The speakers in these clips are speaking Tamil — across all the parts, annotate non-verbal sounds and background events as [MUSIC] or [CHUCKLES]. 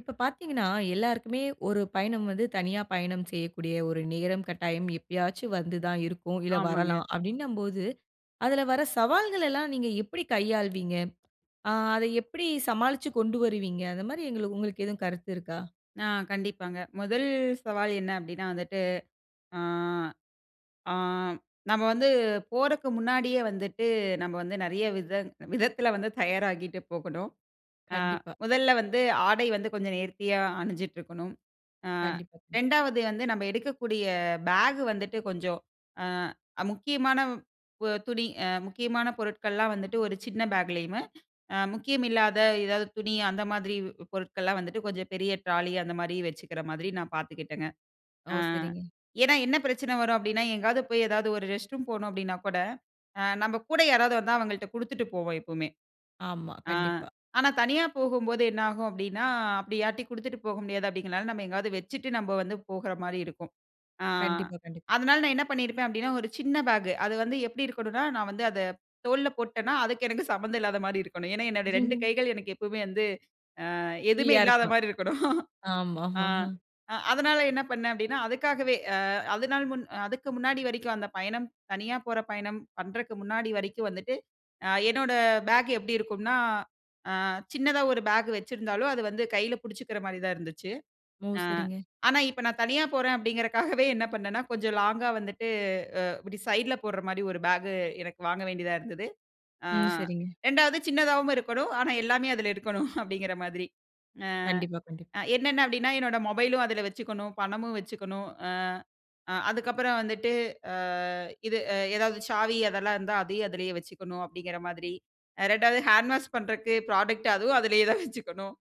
இப்ப பார்த்தீங்கன்னா, எல்லாருக்குமே ஒரு பயணம் வந்து தனியா பயணம் செய்யக்கூடிய ஒரு நேரம், கட்டாயம் எப்பயாச்சு வந்து தான் இருக்கும். இல்ல ஆமாங்க. வரலாம் அப்பிடின்னம்போது, அதுல வர சவால்களலாம் நீங்க எப்பிடி கையாள்வீங்க? ஆ அத எப்பிடி சமாளிச்சு கொண்டு வருவீங்க. அந்த மாரி எங்களுக் உங்களுக்கு எதுவும் கருத்து இருக்கா? ஆ. கண்டிப்பாங்க. முதல் சவால் என்ன அப்பிடின்னா வந்துட்டு. ஆ, ஆ நம்ம வந்து போறக்கு முன்னாடியே வந்துட்டு நம்ம வந்து நிறைய விதத் விதத்துல வந்து தயாராகிட்டு போகணும். ஆ கண்டிப்பா. முதல்ல வந்து ஆடை வந்து கொஞ்சம் நேர்த்தியா அணிஞ்சிட்டு இருக்கணும். ஆ கண்டிப்பா. கண்டிப்பா. 2ஆவது வந்து நம்ம எடுக்கக்கூடிய பேக் வந்துட்டு கொஞ்சம் அ முக்கியமான அ துணி அ முக்கியமான பொருட்கள்லாம் வந்துட்டு ஒரு சின்ன பேக்லயும் அ முக்கியம் இல்லாத ஏதாவது துணி அந்த மாதிரி பொருட்கள்லாம் வந்துட்டு கொஞ்சம் பெரிய ட்ராலி அந்தமாரி வச்சுக்கிற மாதிரி நான் பார்த்துக்கிட்டேங்க. ஓ! அ சரிங்க. ஏனா, என்ன பிரச்சன வரும் அப்பிடின்னா, எங்காவது போய், எதாவது ஒரு ரெஸ்ட் ரூம் போணும் அப்பிடின்னா கூட, அ நம்ம கூட யாராவது வந்தா அவங்கள்ட்ட குடுத்துட்டு போவோம் எப்பவுமே! ஆமா. ஆ. கண்டிப்பா. ஆனா, தனியா போகும்போது என்ன ஆகும் அப்பிடின்னா, அப்பிடி யார்டையும் குடுத்துட்டு போக முடியாது அப்பிடிங்கிறனால நம்ம எங்காவது வச்சுட்டு நம்ம வந்து போகுற மாரி இருக்கும். ஆ. கண்டிப்பா, கண்டிப்பா. அதனால நான் என்ன பண்ணியிருப்பன் அப்பிடின்னா, ஒரு சின்ன பேக். அது வந்து எப்பிடி இருக்கணுனா, நான் வந்து அத தோல்ல போட்டன்னா அதுக்கு எனக்கு சம்மந்தம் இல்லாத மாரி இருக்கணும். ஏனா, என்னுடைய 2 ம். கைகள் எனக்கு எப்பவுமே வந்து ஆ எதுவுமே ஃப்ரீயா இருக்கணும். இல்லாதமாரி இருக்கணும் ஆமா. ஆ ஆமா அதனால என்ன பண்ணேன் அப்பிடின்னா, அதுக்காகவே அ அதனால முன் அதுக்கு முன்னாடி வரைக்கும் அந்த பயணம், தனியா போற பயணம் பண்றக்கு முன்னாடி வரைக்கும் வந்துட்டு. அ என்னோட பேக் எப்பிடி இருக்கும்னா, ஆ. சின்னதா ஒரு பேக் வச்சிருந்தாலும், அது வந்து கையில புடிச்சுக்கிற மாரி தான் இருந்துச்சு. ஓ! அ சரிங்க. ஆனா, இப்ப நான் தனியா போறேன் அப்பிடிங்கிறக்காகவே என்ன பண்ணேன்னா, கொஞ்சம் லாங்கா வந்துட்டு. அ இப்பிடி சைட்ல போட்ற மாரி ஒரு பேக் எனக்கு வாங்க வேண்டியதா இருந்துது. ஆ, ம். சரிங்க. 2வது சின்னதாவும் இருக்கணும். ஆனா, எல்லாமே அதுல இருக்கணும் [CHUCKLES] அப்பிடிங்கிற மாதிரி அ, கண்டிப்பா, கண்டிப்பா. அ. என்னென்ன அப்பிடின்னா, என்னோட மொபைலும் அதுல வச்சுக்கணும், பணமும் வச்சுக்கணும். அ, அ அதுக்கப்புறம் வந்துட்டு அ இது அ எதாவது சாவி அதெல்லாம் இருந்தா அதையும் அதிலேயே வச்சுக்கணும் அப்பிடிங்கிற மாதிரி. அ 2வது ஹேண்ட் வாஷ் பண்றக்கு புராடக்ட் அதுவும் அதுலேயே தான் வச்சுக்கணும்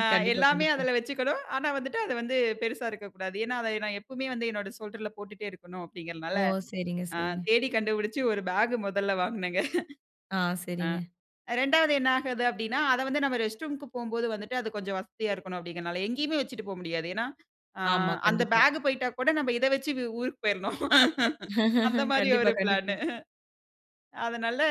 ஆ கண்டிப்பா. எல்லாமே கண்டிப்பா. அதுல வச்சுக்கணும் ஆனா, வந்துட்டு அது வந்து பெருசா இருக்கக்கூடாது. ஏனா, அத நான் எப்பவுமே வந்து என்னோட ஷோல்டர்ல போட்டுட்டே இருக்கணும், ஓ! அப்பிடிங்கிறதுனால சரிங்க. ஆ சரிங்க. தேடி கண்டுபுடிச்சு ஒரு பேக் முதல்ல வாங்குனேங்க ஆ. [CHUCKLES] அ சரிங்க. இரண்டாவது என்ன ஆகுது அப்பிடின்னா, அத வந்து நம்ம ரெஸ்ட் ரூம்க்கு போம்போது வந்துட்டு அது கொஞ்சம் வசதியா இருக்கணும். அப்பிடிங்கனால, எங்கேயுமே வச்சிட்டு போ முடியாது. ஏனா, ஆ ஆமா. அந்த கண்டிப்பா. பேக் போயிட்டா கூட நம்ம இத வச்சி ஊ ஊருக்கு போயிர்ணும் [LAUGHS] அந்த [LAUGHS] மாரி கண்டிப்பா, ஒரு பிளானு கண்டிப்பா. அதனால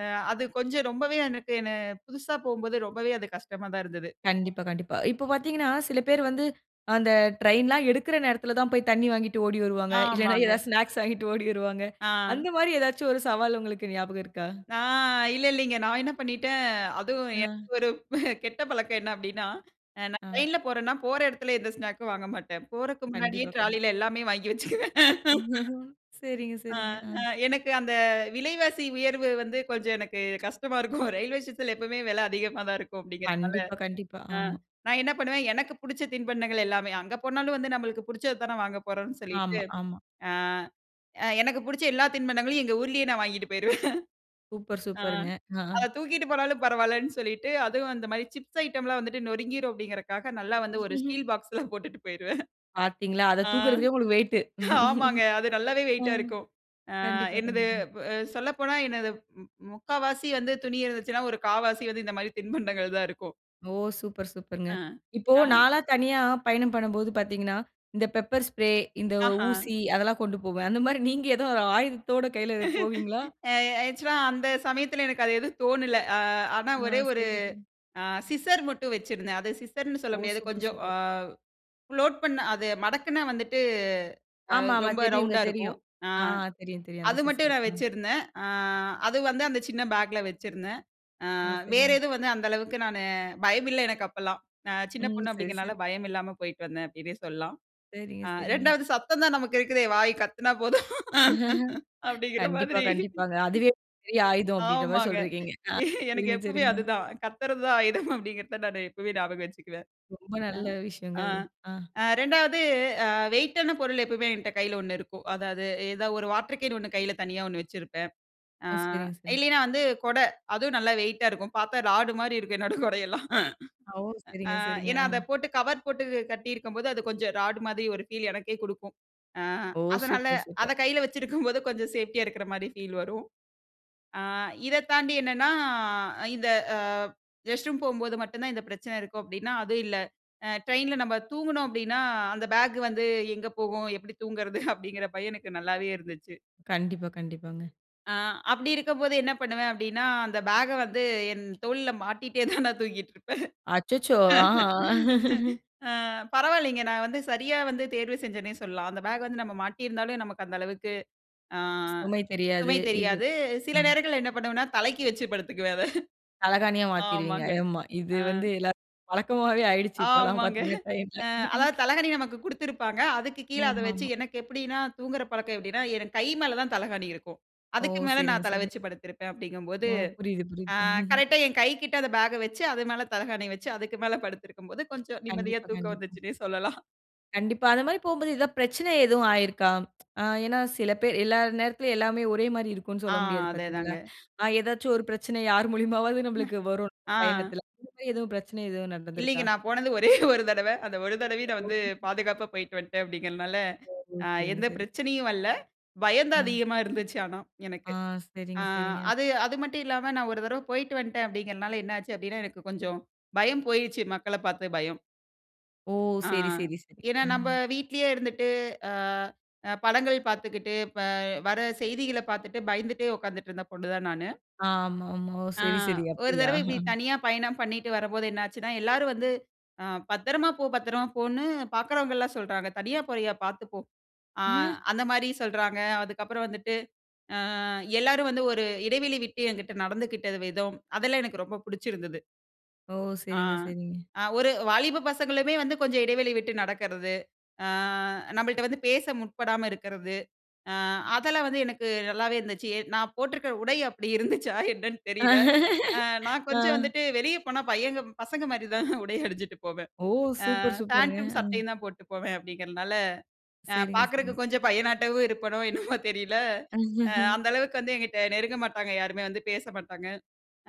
அ அது கொஞ்சம் ரொம்பவே எனக்குன்னு புதுசா போம்போது ரொம்பவே அது கஷ்டமா தான் இருந்தது. கண்டிப்பா, கண்டிப்பா. இப்ப பார்த்தீங்கன்னா, சில பேர் வந்து அந்த ட்ரெயின்லாம் எடுக்கிற நேரத்துல தான் போய் தண்ணி வாங்கிட்டு ஓடி வருவாங்க. இல்லன்னா, ஆமாங்க. எதா ஸ்நாக்ஸ் வாங்கிட்டு ஓடி வருவாங்க ஆ. அந்த மாரி ஏதாச்சும் ஒரு சவால் உங்களுக்கு ஞாபகம் இருக்கா? நான் இல்ல, இல்லீங்க. நான் என்ன பண்ணிட்டேன். அதுவும் அ. எனக்கு ஒரு [CHUCKLES] கெட்ட பழக்கம் என்ன அப்பிடின்னா, அ நான் அ. ட்ரெயின்ல போறன்னா, போற இடத்துல எந்த ஸ்நாக்கும் வாங்க மாட்டேன். போறக்கு முன்னாடியே கண்டிப்பா. கண் ட்ராலில எல்லாமே வாங்கி வச்சுக்குவேன் [LAUGHS] [LAUGHS] சரிங்க, அ, சரிங்க. அ ஆ. எனக்கு அந்த விலைவாசி உயர்வு வந்து கொஞ்சம் எனக்கு கஷ்டமா இருக்கும் ரெயில்வே ஸ்டேஷன்ல எப்பமே வில அதிகமா தான் இருக்கும் அப்பிடிங்கிறதுனால. கண்டிப்பா. கண்டிப்பா. அ ஆமா. நான் என்ன பண்ணுவேன். எனக்கு புடிச்ச தின்பண்டங்கள் எல்லாமே அங்க போனாலும் வந்து நம்மளுக்கு புடிச்சது தானே வாங்க போறோன்னு சொல்லிட்டு, ஆமா. ஆமா. ஆ, அ எனக்கு புடிச்ச எல்லா தின்பண்டங்களையும் எங்க ஊர்லேயே நான் வாங்கிட்டு போயிருவேன் சூப்பர். [LAUGHS] ஆ. சூப்பருங்க. ஆஹா! அத தூக்கிட்டு போனாலும் பரவாயில்லன்னு சொல்லிட்டு. அதுவும் அந்த மாரி சிப்ஸ் ஐட்டம் லாம் வந்துட்டு நொறுங்கிரும் அப்பிடிங்கிறதுக்காக, நல்லா வந்து ஒரு [CHUCKLES] ஸ்டீல் பாக்ஸ்ல போட்டுட்டு போயிருவேன் பார்த்தீங்களா! [CHUCKLES] அத ஆ, தூக்குறதுக்கே உங்களுக்கு வெயிட்டு. ஆமாங்க. அது [CHUCKLES] நல்லாவே வெயிட்டா ம், இருக்கும் ஆ கண்டிப்பா, என்னது கண்டிப்பா. இப்ப சொல்லப்போனா எனது ம் ம் 3/4வாசி வந்து துணி இருந்துச்சுனா, ஒரு 1/4வாசி வந்து இந்த மாதிரி தின்பண்டங்கள் தான் இருக்கும் ஓ! சூப்பர் சூப்பர்ங்க. அ, இப்போ ஆ. நான்லாம் தனியா பயணம் பண்ணம்போது பார்த்தீங்கன்னா, இந்த பெப்பர் ஸ்ப்ரே, இந்த ஆஹா. ஊசி அதெல்லாம் கொண்டு போவேன். அந்த மாரி நீங்க ஏதோ ஒரு ஆயுதத்தோட கையில போவீங்களா? [LAUGHS] அ ஆக்சுவலா அந்த சமயத்துல எனக்கு அது எதுவும் தோணல. அ ஆனா அ, ஒரே ஒரு சரிங்க சரிங்க. அ சிசர் மட்டும் வச்சிருந்தேன். அது சிசர்ன்னு சொல்ல ஓ! முடியாது சூப்பர் கொஞ்சம் அ சூப்பர். ஃபோல்ட் பண்ணா அது மடக்குன வந்துட்டு அ ஆமாமா, ரொம்ப தெரியுங்க ரவுண்டா இருக்கும். தெரியும். அ அ தெரியும் தெரியும் அந்த அது மட்டும் சிஸ்சர். நான் அ. வச்சிருந்தேன். அ அது வந்து அந்த சின்ன பேக்ல வச்சிருந்தேன். அ ஓ, வேற சரிங்க. எதுவும் வந்து அந்த அளவுக்கு நானு பயமில்ல எனக்கு அப்பலாம். நான் சின்ன ம், பொண்ணு சரி அப்டிங்னால சரி. பயம் இல்லாம போயிட்டு வந்தேன், அப்டின்னே சொல்லலாம். சரிங்க அ சரிங்க. 2வது சத்தம் தான் நமக்கு இருக்குதே, வாய் கத்துனா போதும் [LAUGHS] அப்டிங்கிற கண்டிப்பா மாதிரி. கண்டிப்பாங்க. அதுவே பெரிய ஆயுதம் அப்டின்ற மாதிரி ஆமாங்க, சொல்றிக்கீங்க. அ எனக்கு சரிங்க எப்பவுமே சரிங்க. அதுதான். கத்துறது தான் ஆயுதம் அப்டிங்றத நான் எப்பவுமே ஞாபகம் வச்சுக்குவேன். ரொம்ப அ, நல்ல விஷயங்க ஆ. அது. அ. அ 2வது அ வெயிட்டான பொருள் எப்பவுமே, என்ட்ட கையில ஒண்ணு இருக்கும். அதாவது ஏதாவது ஒரு வாட்டர் கேன் 1 கையில தனியா 1 வச்சிருப்பேன். அ ஒ, சரிங்க சரிங்க. இல்லைனா வந்து, கொட அதுவும் நல்லா வெயிட்டா இருக்கும். பார்த்தா ராடு மாரி இருக்கும் என்னோட கொடையெல்லாம். ஓ, சரிங்க அ சரிங்க. ஏன்னா அத அ. போட்டு கவர் போட்டு கட்டியிருக்கும்போது, அது கொஞ்சம் ராடு மாதிரி ஒரு ஃபீல் எனக்கே குடுக்கும். அ ஓ! அதனால சூப்பர் அத சூப்பர். கையில வச்சிருக்கும்போது, கொஞ்சம் சேஃப்டியா இருக்குற மாதிரி ஃபீல் வரும். ஆ இத தாண்டி என்னென்னா, இந்த அ ரெஸ்ட் ரூம் போம்போது மட்டும் தான் இந்த பிரச்சனை இருக்கும் அப்டின்னா, அதுவும் இல்ல. அ ட்ரெயின்ல நம்ம தூங்கினோம் அப்டின்னா, அந்த பேக் வந்து எங்க போகும்? எப்டி தூங்கறது? அப்படின்கிற பயம் எனக்கு நல்லாவே இருந்துச்சு. கண்டிப்பா கண்டிப்பாங்க. அ, அப்டி இருக்கும்போது என்ன பண்ணுவேன்? அப்டின்னா, அந்த பேக்க வந்து என் தோள்ல மாட்டிட்டே தான் நான் தூங்கிட்டு இருப்பேன். அச்சச்சோ! ஆ. [LAUGHS] அ, பரவாயில்லைங்க, நான் வந்து சரியா வந்து தேர்வு செஞ்சனே சொல்லலாம், அந்த பேக் வந்து நம்ம மாட்டி இருந்தாலும் நமக்கு அந்த அளவுக்கு, அ, சுமை தெரியாது சுமை இது, தெரியாது, அ. சில நேரங்கள்ல என்ன பண்ணுவேனா, தலைக்கு வைச்சி படுத்துக்குவேன் அத, தலகாணியா மாத்திடுவீங்க, ஆமாங்க ஆமா இது அ. வந்து எல்லாருக்கும் பழக்கமாவே ஆயிடுச்சு இப்பலாம் ஆமாங்க பாத்தீங்கனா, இந்த அ, டைம்ல. அதாவது தலகாணி நமக்கு குடுத்துருப்பாங்க, அதுக்கு கீழ அத வச்சி, ஆமாமா. எனக்கு எப்டின்னா, தூங்குற பழக்கம் எப்டின்னா, எனக்கு கை மேல தான் தலகாணி இருக்கும், ஓ! அதுக்கு மேலே சரிங்க நான் தல சரி. வச்சு படுத்திருப்பேன். அப்டிங்கும்போது ஓ! புரியுது, புரியுது. அ, [CHUCKLES] கரெக்ட்டா என் கைகிட்ட அந்த பேக்க வச்சு, அது மேலே தலகாணி வச்சு, அதுக்கு மேலே படுத்திருக்கும்போது கொஞ்சம் நிம்மதியா கண்டிப்பா, தூக்கம் கண்டிப்பா. வந்துச்சுன்னே சொல்லலாம். கண்டிப்பா. அது மாரி போம்போது ஏதாவது பிரச்சன எதுவும் ஆயிருக்கா? அ, ஏனா சில பேர் எல்லா நேரத்திலும் எல்லாமே ஒரே மாதிரி இருக்கும்னு ஆ, சொல்ல முடியாது அதே பாத்தீங்களா? தாங்க. அ, ஏதாச்சு ஒரு பிரச்சனை, யார் மூலியமாவது நம்மளுக்கு வரும் ஆ. பயணத்துல, இந்த மாரி எதுவும் பிரச்சன எதுவும் இல்லீங்க, நடந்துருக்கா? நான் போனது ஒரே [CHUCKLES] ஒரு தடவ, அந்த ஒரு தடவையும் நான் வந்து [UNINTELLIGIBLE] பாதுகாப்பா போயிட்டு வன்ட்டேன் அப்டிங்கறதுனால, ஓ! அ, சரிங்க எந்த சரிங்க. பிரச்சனையும் வரல, பயம் தான் அ. அதிகமா இருந்துச்சு ஆனா எனக்கு. ஆ, அ, சரிங்க, சரிங்க. அது அது மட்டும் இல்லாம, நான் ஒரு தடவ போயிட்டு வன்டேன் அப்டின்கறதனால, என்ன ஆச்சு? அப்டினா, எனக்கு கொஞ்சம் பயம் போய்டுச்சு, மக்களப் பாத்த பயம். ஓ! அ, சரி, சரி, சரி. ஏன்னா அ. நம்ம வீட்டிலயே இருந்துட்டு, அ அ படங்கள் பாத்துக்கிட்டு, ப வர செய்திகள பாத்துட்டு, பயந்துட்டே உட்காந்துட்டு, இருந்த பொண்ணு தான் நானு. ஆமாமா. ஓ. ஆ சரி, சரி. ஒரு அப்டியா? தடவ இப்படி தனியா பயணம் பண்ணிட்டு வரம்போது, என்னாச்சுன்னா, எல்லாரும் வந்து அ "பத்திரமா போ. பத்திரமா போ" ன்னு பாக்குறவங்கலாம் சொல்றாங்க. "தனியா போறியா, பாத்து போ." ஆ [CHUCKLES] அந்த மாரி சொல்றாங்க. அதுக்கப்புறம் வந்துட்டு. ஆ எல்லாரும் வந்து ஒரு இடைவெளி விட்டு, என்கிட்ட நடந்துக்கிட்ட விதம். அதெல்லாம் எனக்கு ரொம்ப பிடிச்சிருந்தது. ஓ! ஆ சரிங்க, சரிங்க. அ ஒரு வாலிப பசங்களுமே வந்து, கொஞ்ச இடைவெளி விட்டு நடக்குறது. ஆ நம்மள்ட்ட வந்து பேச முற்படாம இருக்குறது. அ அதெல்லாம் வந்து எனக்கு நல்லாவே இருந்துச்சு. நான் போட்டுருக்கிற உடை அப்படி இருந்துச்சா, என்னன்னு தெரியல. அ [LAUGHS] நான் ஆ. கொஞ்ச வந்துட்டு வெளிய போனா, பையங்க பசங்க மாரி தான், உடை அணிஞ்சுட்டு போவேன் ஓ! ஆ, சூப்பர், சூப்பர்ங்க. பேண்ட்டும், அ. சட்டையும் தான் போட்டு போவேன் அப்படிங்கிறனால, அ, சரிங்க, பாக்குறக்கு சரிங்க. கொஞ்ச பையனாட்டவும் இருப்பனோ, என்னவோ தெரியல. அ, [CHUCKLES] அந்த அளவுக்கு வந்து என்கிட்ட நெருங்க மாட்டாங்க, யாருமே வந்து பேச மாட்டாங்க.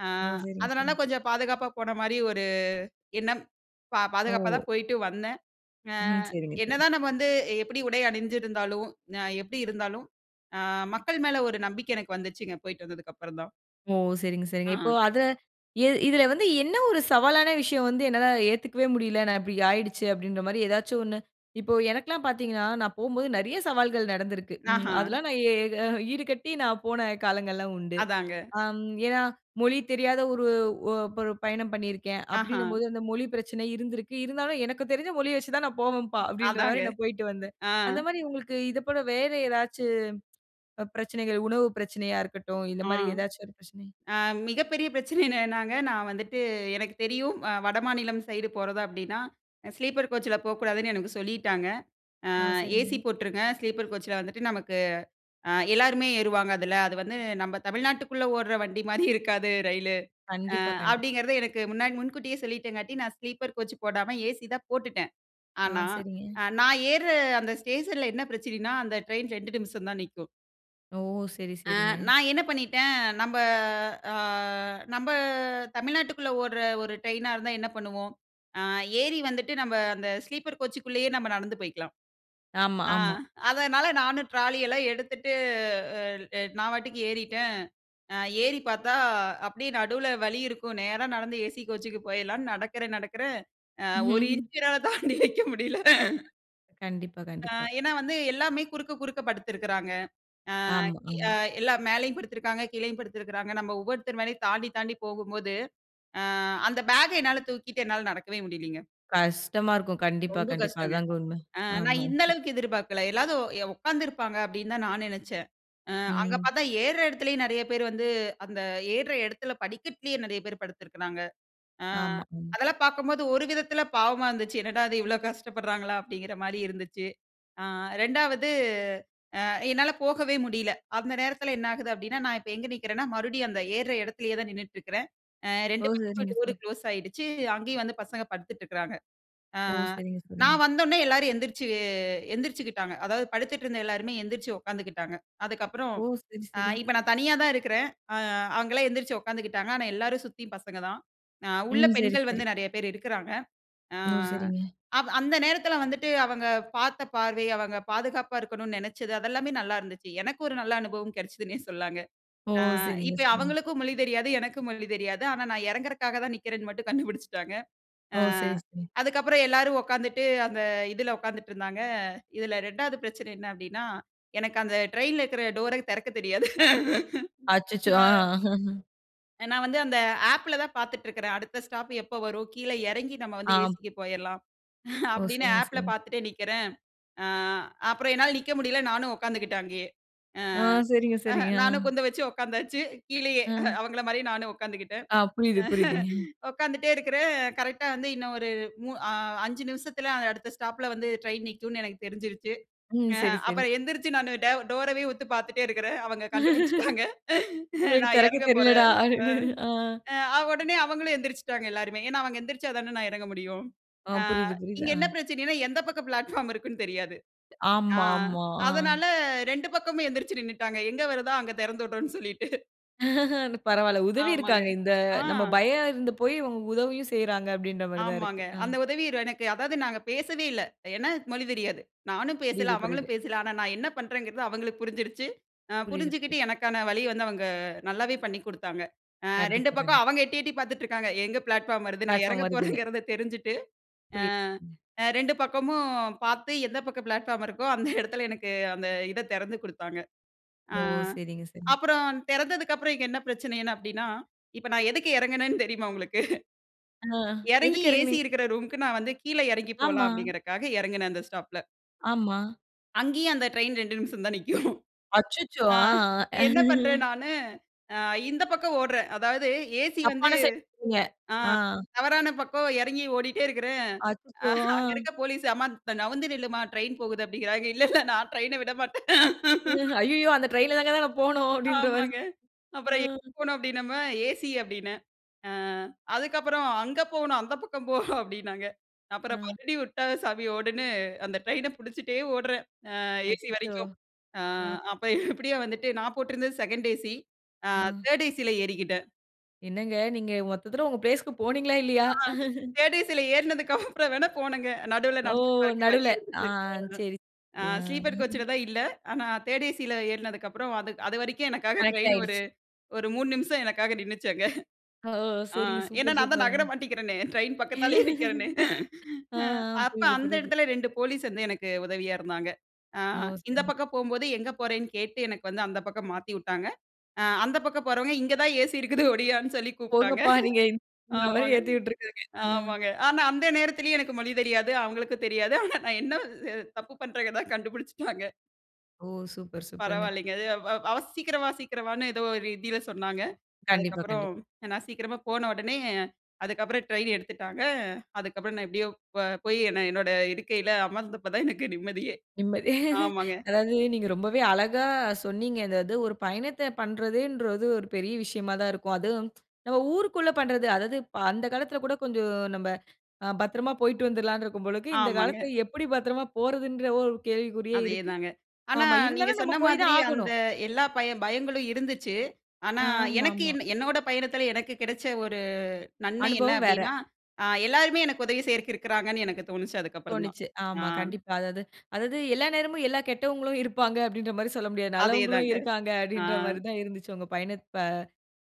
ஆ ஓ! சரிங்க, அதனால சரிங்க. கொஞ்சம் பாதுகாப்பா, போன மாரி ஒரு எண்ணம். ஓ. பாதுகாப்பாதான் போயிட்டு வந்தேன். ஆ ம். சரிங்க, சரிங்க. என்னதான் நம்ம வந்து, எப்படி உடை அணிஞ்சுருந்தாலும், அ எப்படி இருந்தாலும், அ மக்கள் மேல ஒரு நம்பிக்கை எனக்கு வந்துச்சுங்க. போய்ட்டு வந்ததுக்கு, அப்புறம் தான். ஓ! சரிங்க, சரிங்க. இப்போ ஆ. அத எ இதுல வந்து என்ன ஒரு சவாலான விஷயம் வந்து என்னால ஏத்துக்கவே முடியல, நான் இப்டி ஆயிடுச்சு அப்டின்ற மாரி ஏதாச்சு ஒண்ணு இப்போ எனக்குல்லாம் பாத்தீங்கன்னா, நான் போம்போது நெறைய சவால்கள் நடந்துருக்கு. ம். ஆஹா. அதெல்லாம் நான் எ க ஈடு கட்டி நான் போன காலங்கள்லாம் உண்டு. அதாங்க. ஆம் ஏனா, மொழி தெரியாத ஒரு ஒ ஒரு பயணம் பண்ணிருக்கேன், ஆஹா. அப்டின்னும்போது, அந்த மொழி பிரச்சன இருந்திருக்கு. இருந்தாலும் "எனக்கு தெரிஞ்ச மொழிய வச்சு தான் நான் போவன்பா" அப்டின்ற அதாங்க. மாரி நான் போயிட்டு வந்தேன். ஆ. அந்த மாரி உங்களுக்கு இத போல வேற ஏதாச்சு ப பிரச்சனைகள், உணவு பிரச்சனையா இருக்கட்டும், இந்த ஆ, மாரி எதாச்சும் ஒரு பிரச்சனை? அ மிகப்பெரிய பிரச்சனை என்னதுனாங்க! நான் வந்துட்டு எனக்கு தெரியும் அ வடமாநிலம் சைடு போறதா அப்டின்னா ஸ்லீப்பர் கோச்ல போக்கூடாதுன்னு எனக்கு சொல்லீட்டாங்க. அ ஆ. ஏசி சரிங்க. போட்ருங்க. ஸ்லீப்பர் கோச்ல வந்துட்டு நமக்கு ஆ எல்லாருமே ஏறுவாங்க அதுல. அது வந்து நம்ப தமிழ்நாட்டுக்குள்ள ஓட்ற வண்டி மாரி இருக்காது. ரயிலு. அ கண்டிப்பா, கண்டிப்பா. அப்டிங்கிறத எனக்கு முன்னாடி முன்கூட்டியே சொல்லீட்டங்காட்டி, நான் ஸ்லீப்பர் கோச் போடாம, ஏசி தான் போட்டுட்டேன். ஆ. ஆனா, சரிங்க. நான் ஏர்ற அந்த ஸ்டேஷன்ல என்ன பிரச்சனைன்னா, அந்த ட்ரெயின் 2 நிமிஷந்தான் நிக்கும். ஓ! சரி, ஆ சரிங்க. நான் என்ன பண்ணிட்டேன்? நம்ப ஆ நம்ப தமிழ்நாட்டுக்குள்ள ஓட்ற ஒரு ட்ரெயினா இருந்தா என்ன பண்ணுவோம்? ஆ ஏறி வந்துட்டு நம்ப அந்த ஸ்லீப்பர் கோச்சுக்குள்ளயே நம்ம நடந்து போய்க்கலாம். ஆமா, ஆ ஆமா. அதனால நானும் ட்ராலி எல்லாம் எடுத்துட்டு அல் நான் பாட்டுக்கு ஏறிட்டன். அ ஏறி பாத்தா, அப்டியே நடுவுல வழி இருக்கும். நேரா நடந்து ஏசி கோச்சுக்கு போயிடலான்னு நடக்கறேன், நடக்கறேன். ஆ. ஒரு [CHUCKLES] இஞ்ச் என்னால தாண்டி வைக்க முடில. கண்டிப்பா, அ, கண்டிப்பா. ஏன்னா, வந்து எல்லாமே குறுக்க, குறுக்க படுத்துருக்காங்க. அ, ஆமா, அ ஆமா. எல்லாம் மேலயும் படுத்துருக்காங்க, கீழயும் படுத்துருக்காங்க. நம்ப ஒவ்வொருத்தர் மேலயும் தாண்டி, தாண்டி போகும்போது, அ அந்த பேக்க என்னா தூக்கிட்டு என்னால நடக்கவே முடியலீங்க. கஷ்டமா இருக்கும். கண்டிப்பா, ரொம்ப கண்டிப்பா. கஷ்டங்க. அதாங்க உண்ம. அ ஆமா, நான் இந்த ஆமா. அளவுக்கு எதிர்பார்க்கல. எல்லாரும் எ உட்கார்ந்துருப்பாங்க அப்டீன்னு தான் நான் நினைச்சேன். அ அங்க ம். பாத்தா ஏறுற இடத்துலேயும் நெறைய பேர் வந்து அந்த ஏறுற இடத்துல படிக்கட்டிலேயே நெறைய பேர் படுத்துருக்காங்க. அ ஆமா, ம். அதெல்லாம் பாக்கும்போது ஒரு விதத்துல பாவமா இருந்துச்சு. என்னடா! இது இவள கஷ்டப்படுறாங்களா, அப்டீங்கிறமாரி இருந்துச்சு. அ ரெண்டாவது அ என்னால போகவே முடியல. அந்த நேரத்துல என்ன ஆகுது அப்பிடீன்னா, நான் இப்ப எங்க நிற்கிறன்னா, மறுபடியும் அந்த ஏறுற இடத்துலேயே தான் நின்னுட்டு இருக்குறேன். அ ஓ! 2 பக்கமும் சரிங்க டோரு சார். குளோஸ் ஆகிடுச்சு. அங்கயும் வந்து பசங்க படுத்துட்டு இருக்குறாங்க. அ, ஓ! அ சரிங்க, சரிங்க. நான் வந்த உடனே எல்லாரும் எழுந்திரிச்சு எந்திரிச்சுகிட்டாங்க. அதாவது படுத்துட்டு இருந்த எல்லாருமே எழுந்திரிச்சி உட்கார்ந்துகிட்டாங்க. அதுக்கு அப்பறம் ஓ! சரி, அ சரி. இப்ப நான் தனியா தான் இருக்குறேன். அ அவுங்கல்லாம் எழுந்திரிச்சு உட்கார்ந்துகிட்டாங்க. ஆனா, எல்லாரும் சுத்தி பசங்க தான். அ உள்ள ம். சரி, பெண்கள் வந்து சரி. நெறைய பேரு இருக்குறாங்க. அ [UNINTELLIGIBLE] சரிங்க. அப் அந்த நேரத்துல வந்துட்டு அவங்க பாத்த பார்வை, அவங்க பாதுகாப்பா இருக்கணுனு நினைச்சது, அது எல்லாமே நல்லா இருந்துச்சி. எனக்கு ஒரு நல்ல அனுபவம் கிடைச்சுதுனே சொல்லாங்க. ஓ! அ சரிங்க, இப்ப சரிங்க. அவங்களுக்கும் மொழி தெரியாது. எனக்கும் மொழி தெரியாது. ஆனா, நான் இறங்குறக்காக தான் நிற்குறேன்னு மட்டும் கண்டுபிடிச்சிட்டாங்க. ஓ! ஆ சரி, சரி. அதுக்கு அப்புறம் எல்லாரும் உட்கார்ந்துட்டு அந்த இதுல உட்கார்ந்துட்டு இருந்தாங்க. இதுல 2 வது பிரச்சன என்ன, அப்பிடீன்னா எனக்கு அந்த ட்ரெயின்ல இருக்குற டோரை திறக்கத் தெரியாது. [LAUGHS] அச்சச்சோ! அ. அ. [LAUGHS] அ நான் வந்து அந்த ஆப்ல தான் பாத்துட்டு இருக்கிறேன், அடுத்த ஸ்டாப் எப்ப வரும்? கீழ எறங்கி நம்ம வந்து ஆ. ஏசிக்கு போயிறலாம் ஓ! அப்டின்னு சரிங்க, ஆப்ல சரிங்க. பாத்துட்டே நிக்கறேன். ஆ அப்புற என்னால நிக்க முடியல நானும் உட்காந்துட்டேன் அங்கயே. ஆ ஆ. சரிங்க, சரிங்க. நானும் ஆ. குந்த வச்சு உட்காந்தாச்சு கீழயே, ஆ. அவங்கள மாரி நானும் உட்காந்துகிட்டேன். ஆ. புரியுது புரியுதுங்க. [LAUGHS] [CHUCKLES] உட்காந்துட்டே இருக்கறேன், கரெக்ட்டா வந்து இன்னும் ஒரு மு அ 5 நிமிஷத்துல அடுத்த ஸ்டாப்ல வந்து ட்ரெயின் நிக்கும்னு எனக்கு தெரிஞ்சுடுச்சு. ம். அ சரி, சரி. அப்புறம் எந்திரிச்சு நா டே டோரவே உத்து பாத்துட்டே இருக்கறேன். அவங்க கண்டுபிடிச்சுட்டாங்க. [LAUGHS] "உங்களுக்கு நா தெறக்க எறங்க போறேன். தெரியலடா" அ. அப்டீன்னு. அ. அ, உடனே அவங்களும் எந்திரிச்சுட்டாங்க எல்லாருமே. ஏனா, அவங்க எந்திரிச்சா தானே, நா எறங்க முடியும். ஆ. ஆ புரியுது, புரியுது. இங்க ஆ. என்ன பிரச்சனன்னா, எந்த பக்கம் பிளாட்பார்ம் இருக்குன்னு தெரியாது. அ ஆமாம்மா. ஆ. அதனால 2 பக்கமு எந்திரிச்சு நின்னுட்டாங்க. எங்க வருதோ அங்க தெறந்து விட்றோனு சொல்லிட்டு. [CHUCKLES] பரவாயில்ல. உதவி ஆமாங்க. இருக்காங்க. இந்த ஆ. நம்ம பயம் இருந்த போய் உதவியும் செய்றாங்க அப்படின்ற மாரி தா இருக்கு. ஆமாங்க. அ. அந்த உதவி எனக்கு, அதாவது நாங்க பேசவே இல்ல. ஏனா மொழி தெரியாது. நானும் பேசல, புரியுது, புரியுது. அவங்களும் பேசல ஆனா நான் என்ன பண்றேங்கிறது அவங்களுக்கு புரிஞ்சிடுச்சு ஆ புரியுது, புரியு. புரிஞ்சுகிட்டு எனக்கான வழிய வந்து அவங்க நல்லாவே பண்ணிக் குடுத்தாங்க. ஆ 2 கண்டிப்பா, பக்கம் கண்டிப்பா. அவங்க எட்டி எட்டி பாத்துட்டு இருக்காங்க, எங்க ப்ளாட்ஃபார்ம் வருது? நான் பிளாட்பார்ம் எறங்க வருதுன்னு. போறேங்கிறத தெரிஞ்சுட்டு ஆ புரியுது. ம். 2 பக்கமும் பாத்து எந்த பக்கம் பிளாட்ஃபார்ம் இருக்கோ, அந்த எடத்துல எனக்கு அந்த இத தெறந்து குடுத்தாங்க. ஆ ஓ! சரிங்க, சரிங்க. அப்புறம் தெறந்ததுக்கப்புறம் இங்க என்ன பிரச்சனைன்னு அப்படின்னா, இப்ப நான் எதுக்கு எறங்குனேன்னு தெரியுமா உங்களுக்கு. ஆ, எறங்கி எதுக்கு ஏசி இறங்குனீங்? இருக்கிற ரூம்க்கு நான் வந்து கீழ எறங்கி போலாம் ஆமா. அப்படிங்கறக்காக எறங்குனேன் அந்த ஸ்டாப்ல. ஆமா. அங்கேயும், அந்த ட்ரெயின் ரெண்டு நிமிஷம் தான் நிக்கும். அச்சச்சோ! ஆ அ. என்ன பண்றேன்? [LAUGHS] நானு, அ இந்த பக்கம் ஓடுறேன். அதாவது ஏசி வந்து தப்பான அ ஸைடு இருந்தீங்க. அ. தவறான பக்கம் எறங்கி ஓடிக்கிட்டே இருக்குறேன். அச்சச்சோ! அ. அங்க இருக்க போலீஸ், "அம்மா நவுந்து நில்லும்மா, ட்ரெயின் போகுது" அப்டின்கிறாங்க. இல்ல இல்ல, நான் ட்ரெயின்ன விடமாட்டேன். [LAUGHS] "அய்யயோ! அந்த ட்ரெயின்ல தானங்க நான் போணும்," அப்டின்ற மாதிரி ஆமாங்க. அ. அப்புறம் "எங்கே போணும்?" அப்டின்னமும், "ஏசி" அப்படின்னேன். அ அதுக்கப்புறம் "அங்கே போகணும், அந்த பக்கம் போ" அப்டின்னாங்க. அப்புறம் அ. மறுபடியும் விட்டா சாமி ஒடுன்னு, அந்த ட்ரெயின புடிச்சிட்டே ஓடுறேன். அ ஏசி அச்சச்சோ! வரைக்கும். அ ஆ. அப்போ எப்டியோ வந்துட்டு, நான் போட்டிருந்தது II A/C. அ ஆ. III A/Cல ஏறிக்கிட்டேன். என்னங்க! நீங்க மொத்தத்துல உங்க பிளேஸ்க்கு போனீங்களா? இல்லயா? ஆ [LAUGHS] III ACல ஏறினதுக்கு அப்புறம் வேணா போனங்க. நடுவுல ஓ! நடந்து போறதுக்கு வழி நடுவுல. ஆ இருந்துச்சு. சரி, அ சரி ஆ. ஸ்லீப்பர் கோச்ல தான் இல்ல. ஆனா, III A/C ஏறினதுக்கு அப்புறம் அது அதுவரைக்கும் எனக்காக கனெக்ட் ட்ரெயின் ஒரு ஆயிடுச்சு. ஒரு 3 நிமிஷம் எனக்காக நின்னுச்சு அங்க. ஓ! ஆ சரிங்க. ஏன்னா சூப்பர்! நான் தான் நகர சூப்பருங்க! மாட்டிக்குறனே, ட்ரெயின் பக்கத்தாலேயே நிக்கறனே. [LAUGHS] ஆ, ஆ, அ அப்ப புரியுது, அந்த புரியுது. எடத்துலே ரெண்டு போலீஸ் வந்து எனக்கு உதவியா இருந்தாங்க. அ ஓ இந்த சரிங்க, சரி. பக்கம் போகும்போது, எங்கே போறேன்னு கேட்டு எனக்கு வந்து, அந்த பக்கம் மாத்திவிட்டாங்க. அ அந்த பக்கம் போறவங்க, இங்கே தான் ஏசி இருக்குது, ஒடியான்னு சொல்லி கூப்ட்டாங்க. "போங்கப்பா நீங்க" இந்த மாரி ஆமாங்க, ஏத்தி விட்டுருக்காங்க. ஆ. ஆமாங்க. ஆனா அந்த நேரத்துலயே எனக்கு மொழி தெரியாது. அவங்களுக்கும் தெரியாது. ஆனா, நான் என்ன அ தப்பு பண்றேங்கிறத கண்டுபுடிச்சுட்டாங்க. ஓ! சூப்பர்! சூப்பர்ங்க! பரவாயில்லங்க. அது அ வ சீக்கிரம் வா சீக்கிரம் வான்னு ஏதோ ஒரு ஹிந்தில சொன்னாங்க. கண்டிப்பா, அதுக்கப்புறம் கண்டிப் நான் சீக்கிரமா போன உடனே, அதுக்கப்புறம் ட்ரெயின் எடுத்துட்டாங்க. அதுக்கப்புறம் நான் எப்படியோ ப போய், என்ன என்னோட இருக்கையில அமர்ந்தப்போ தான் எனக்கு நிம்மதியே. நிம்மதி, ஆமங்க. [CHUCKLES] அதாவது நீங்க ரொம்பவே அழகா சொன்னீங்க. அதாது ஒரு பயணத்த பண்ணுறதுங்குறது ஒரு பெரிய விஷயமா தான் இருக்கும். அதுவும் [TSK] நம்ம ஊருக்குள்ள பண்ணுறது, அதாவது அந்த காலத்துல கூட கொஞ்சம் நம்ப அ பத்திரமா போய்ட்டு வந்துடலாம்னு இருக்கும் போல. இந்த ஆமங்க. காலத்துல எப்படி பத்திரமா போறதுன்ற ஒரு கேள்விக்குறியே அதே இருக்கு. தாங்க. ஆனா, ஆமா நீங்க இருந்தாலும் நம்ப சொன்ன போய் மாதிரி தான் அந்த ஆகணும். எல்லா பய பயங்களும் இருந்துச்சி. ஆனா, எனக்கு ஆமாமா. என்னோட பயணத்துல எனக்கு கிடச்ச ஒரு நன்மை? என்ன அனுபவம் வேற அப்டீன்னா, அ எல்லோருமே எனக்கு உதவி செய்றதுக்கு இருக்குறாங்கனு எனக்குத் தோணுச்சி அதற்கு அப்புறம் தான். தோணுச்சி அ. ஆமா, கண்டிப்பா. அதாவது அதாவது எல்லா நேரமும் எல்லா கெட்டவங்களும் இருப்பாங்க. அப்டீன்ற மாதிரி சொல்ல முடியாது. அதே நல்லவங்களும் தாங்க. இருக்காங்க. அ. அப்டீன்ற மாதிரி தான் இருந்துச்சி, உங்க பயணத்த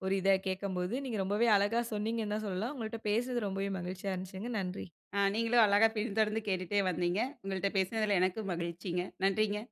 ஒரு இத கேட்கும்போது. நீங்க ரொம்பவே அழகா சொன்னீங்கனு தான் சொல்லலாம். உங்கள்ட்ட பேசுனது ரொம்பவே மகிழ்ச்சியா இருந்துச்சிங்க. நன்றி. ஆ நீங்களும் அழகா பின்தொடர்ந்து கேட்டுகிட்டே வந்தீங்க. உங்கள்ட்ட பேசினதுல எனக்கு மகிழ்ச்சிங்க. நன்றிங்க.